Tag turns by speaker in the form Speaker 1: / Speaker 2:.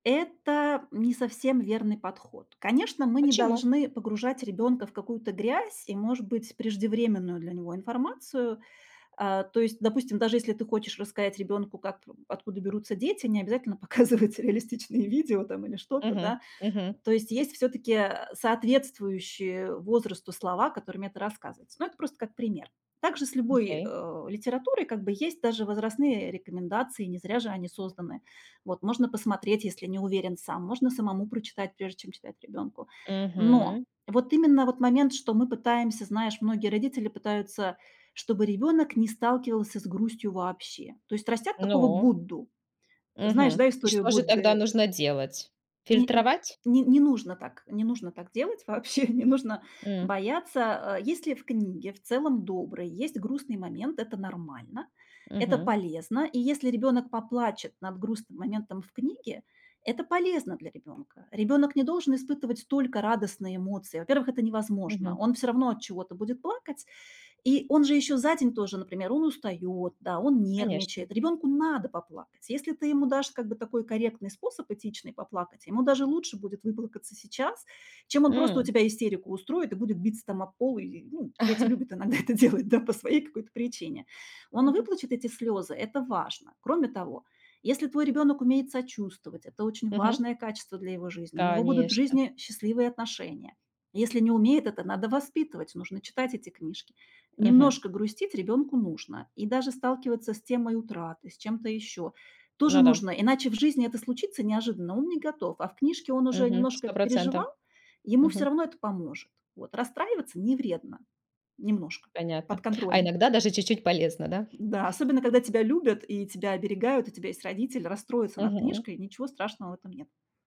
Speaker 1: Это не совсем верный подход. Конечно, мы не
Speaker 2: Почему?
Speaker 1: должны погружать
Speaker 2: Мгм.
Speaker 1: ребёнка в какую-то грязь и, может быть, преждевременную для него информацию. А, то есть, допустим, даже если ты хочешь рассказать ребёнку, как п откуда берутся дети, не обязательно показывать реалистичные видео там или что-то,
Speaker 2: Мгм.
Speaker 1: да.
Speaker 2: Мгм.
Speaker 1: То есть есть всё-таки, э, соответствующие возрасту слова, которыми это рассказывается. Но это просто как пример. Так же с любой,
Speaker 2: Окей.
Speaker 1: э, литературой как бы есть даже возрастные рекомендации, не зря же они созданы. Вот можно посмотреть, если не уверен сам, можно самому прочитать, прежде чем читать ребёнку. Но
Speaker 2: Мгм.
Speaker 1: вот именно вот момент, что мы пытаемся, знаешь, многие родители пытаются, чтобы ребёнок не сталкивался с грустью вообще. То есть растят такого
Speaker 2: Ну.
Speaker 1: Будду. Знаешь,
Speaker 2: Мгм.
Speaker 1: да,
Speaker 2: И
Speaker 1: историю
Speaker 2: что же тогда
Speaker 1: Будды?
Speaker 2: нужно делать?
Speaker 1: Не н
Speaker 2: Фильтровать?
Speaker 1: н не нужно так, не нужно так делать вообще, не нужно
Speaker 2: М.
Speaker 1: бояться, а. Если в книге, в целом- доброй, есть грустный момент, это нормально, это
Speaker 2: Мгм.
Speaker 1: полезно, и если ребёнок поплачет над грустным моментом в книге- это полезно для ребёнка. Ребёнок не должен испытывать только радостные эмоции. Во-первых, это невозможно.
Speaker 2: Мгм.
Speaker 1: Он всё равно от чего-то будет плакать, И он же ещё за день тоже, например, он устаёт, да, он
Speaker 2: Конечно.
Speaker 1: нервничает. Ребёнку надо поплакать. Если ты ему дашь как бы такой корректный способ, этичный, поплакать, ему даже лучше будет выплакаться сейчас, чем он просто у
Speaker 2: М.
Speaker 1: тебя истерику устроит и будет биться там об пол или, ну. Дети любят иногда это делать, да, по своей какой-то причине. Он
Speaker 2: Мгм.
Speaker 1: выплачет эти слёзы, это важно. Кроме того, если твой ребёнок умеет сочувствовать- это очень
Speaker 2: Мгм.
Speaker 1: важное качество для его жизни, у него будут в
Speaker 2: Конечно.
Speaker 1: жизни счастливые отношения. Если не умеет, это надо воспитывать, нужно читать эти книжки.
Speaker 2: Мгм.
Speaker 1: Немножко грустить ребёнку нужно. И даже сталкиваться с темой утраты, с чем-то ещё тоже
Speaker 2: Ну да.
Speaker 1: нужно. Иначе в жизни это случится неожиданно, он не готов, а в книжке он уже
Speaker 2: Мгм.
Speaker 1: немножко
Speaker 2: Сто
Speaker 1: это
Speaker 2: процентов.
Speaker 1: переживал, ему всё
Speaker 2: Мгм.
Speaker 1: равно это поможет, вот. Расстраиваться не вредно немножко, под
Speaker 2: Понятно, а
Speaker 1: контролем.
Speaker 2: иногда даже чуть-чуть полезно, да?
Speaker 1: Да, особенно, когда тебя любят и тебя оберегают, у тебя есть родители, расстроится над
Speaker 2: Мгм.
Speaker 1: книжкой, ничего страшного в этом нет.